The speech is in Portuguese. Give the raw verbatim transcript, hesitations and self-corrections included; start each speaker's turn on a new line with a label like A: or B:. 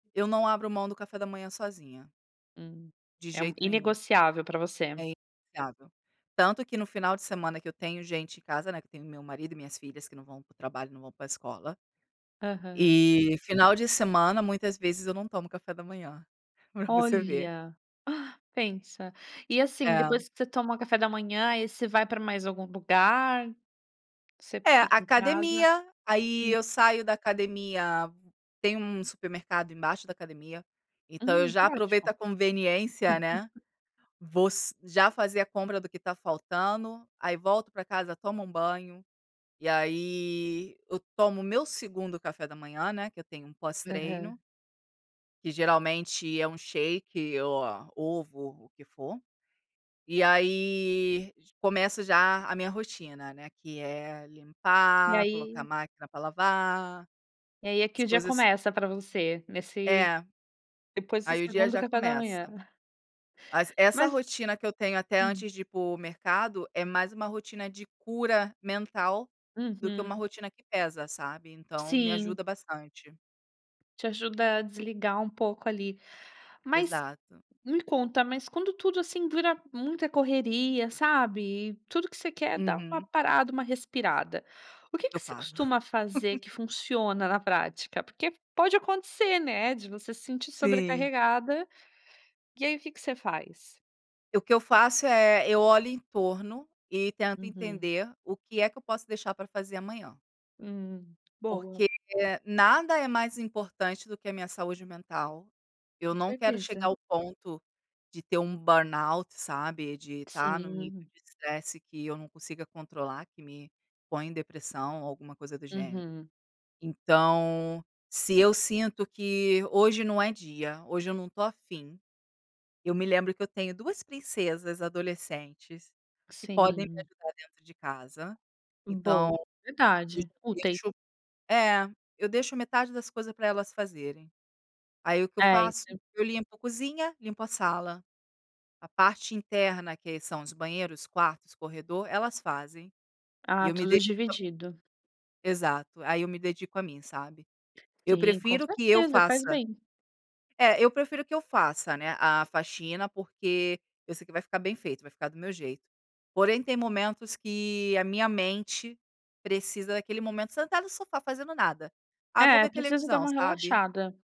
A: Eu não abro mão do café da manhã sozinha.
B: Hum.
A: De
B: É um
A: jeito nenhum.
B: inegociável para você.
A: É inegociável. Tanto que no final de semana que eu tenho gente em casa, né, que eu tenho meu marido e minhas filhas que não vão para o trabalho, não vão para escola.
B: Aham.
A: E, final de semana, muitas vezes eu não tomo café da manhã. Para você ver.
B: Olha, pensa. E, assim,
A: É.
B: depois que você toma o café da manhã, aí você vai para mais algum lugar? Você
A: É,
B: fica em casa?
A: academia. Aí,
B: Hum.
A: eu saio da academia tem um supermercado embaixo da academia, então eu
B: Hum,
A: já aproveito
B: ótimo.
A: a conveniência, né, vou se já fazer a compra do que está faltando. Aí, volto para casa, tomo um banho, e aí eu tomo o meu segundo café da manhã, né, que eu tenho um
B: Aham.
A: pós-treino que geralmente é um shake ou a ovo, o que for. E aí, j começo já a minha rotina, né, que é
B: E
A: limpar, colocar
B: aí
A: máquina para lavar,
B: e aí é
A: as
B: que o dia
A: coisas
B: começa para você, nesse
A: É,
B: depois do
A: aí o dia
B: segundo do
A: já
B: café da
A: começa.
B: manhã.
A: Mas essa
B: Mas
A: rotina que eu tenho até
B: Hum.
A: antes de ir para o mercado é mais uma rotina de cura mental do que uma
B: Uhum.
A: rotina que pesa, sabe, então, me
B: Sim.
A: ajuda bastante.
B: Te ajuda a desligar um pouco ali. Mas,
A: Exato.
B: me conta, mas quando tudo assim dura muita correria, sabe? Tudo que você quer é dar uma
A: Uhum.
B: parada, uma respirada. O que
A: Eu
B: que você
A: paro.
B: costuma fazer que funciona na prática? Porque pode acontecer, né, de você se sentir
A: Sim.
B: sobrecarregada. E aí o que que você faz?
A: E o que eu faço é: eu olho em torno e tento
B: Uhum.
A: entender o que é que eu posso deixar para fazer amanhã.
B: Hum, boa.
A: Porque nada é mais importante do que a minha saúde mental. Eu
B: Com
A: não quero chegar
B: certeza.
A: ao ponto de ter um burnout, sabe, de estar em um nível
B: Sim.
A: de estresse que eu não consiga controlar, que me põe em depressão ou alguma coisa do gênero.
B: Uhum.
A: Então, se eu sinto que hoje não é dia, hoje eu não estou afim, eu me lembro que eu tenho duas princesas adolescentes, que podem me
B: Sim.
A: ajudar dentro de casa, então,
B: Boa,
A: eu
B: verdade. O t
A: deixo É, eu deixo metade das coisas para elas fazerem. Aí, o que eu faço?
B: Certo.
A: Eu limpo cozinha, limpo a sala. A parte interna que são os banheiros, quartos, corredor, elas fazem. E
B: Ah,
A: eu me
B: tudo
A: dedico a mim.
B: dividido.
A: Exato, aí eu me dedico a mim, sabe? Eu
B: Sim, com
A: prefiro que eu
B: certeza, faz
A: faça
B: bem.
A: É, eu prefiro que eu faça, né, a faxina, porque eu sei que vai ficar bem feito, vai ficar do meu jeito. Porém tem momentos que a minha mente precisa daquele momento sentado no sofá fazendo nada. "Ah, vou
B: É,
A: ver
B: precisa dar
A: televisão",
B: uma
A: sabe?
B: relaxada.